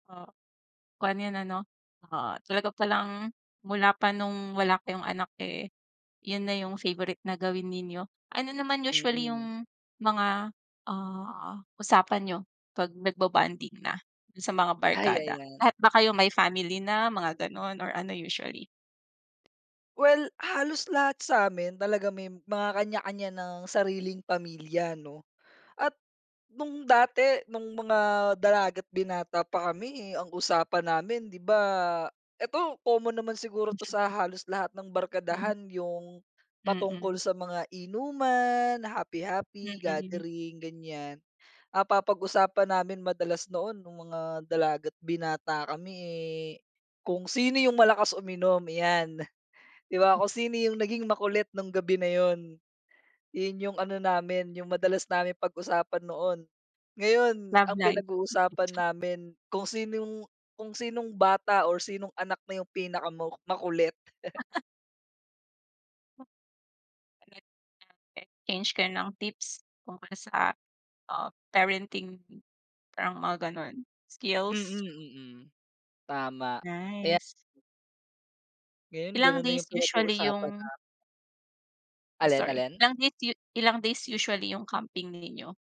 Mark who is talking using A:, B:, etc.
A: Ah. Kuwan, yun ano, ah, talaga palang mula pa nung wala kayong anak, eh, yun na yung favourite na gawin ninyo. Ano naman usually
B: Mm.
A: yung mga, ah, usapan niyo 'pag nagbobonding na dun sa mga
B: Ay,
A: barkada?
B: ayan.
A: Lahat ba kayo may family na, mga gano'n or ano usually?
B: Well, halos lahat sa'min talaga may mga kanya-kanya ng sariling pamilya 'no. At nung dati, nung mga dalaga't binata pa kami, eh, ang usapan namin, di ba, 'eto common naman siguro 'to sa halos lahat ng
A: Mm.
B: barkadahan, yung patungkol
A: Mm.
B: sa mga inuman, happy-happy,
A: Mm.
B: gathering, ganyan. Ah, papag-usapan namin madalas noon nung mga dalaga't binata kami, eh, kung sino yung malakas uminom, 'yan. 'Di ba kung sino yung naging makulit nung gabi na yun. Yun yung ano namin, yung madalas namin pag-usapan noon. Ngayon,
A: Love
B: ang
A: life.
B: pinag-uusapan namin kung sinong kung sinong bata or sinong anak na yung pinakama makulit.
A: [unintelligible] Change kayo ng tips tungkol sa, ah, parenting, parang mga gano'n,
B: Mm,
A: skills.
B: mm. Tama. Kaya
A: Nice.
B: Ngayon
A: Ilang
B: gano'n na
A: days
B: yung
A: usually
B: pinag-uusapan
A: 'yung
B: namin.
A: Ay
B: Alin,
A: sorry.
B: alin?
A: Ilang days u ilang days usually yung camping ninyo.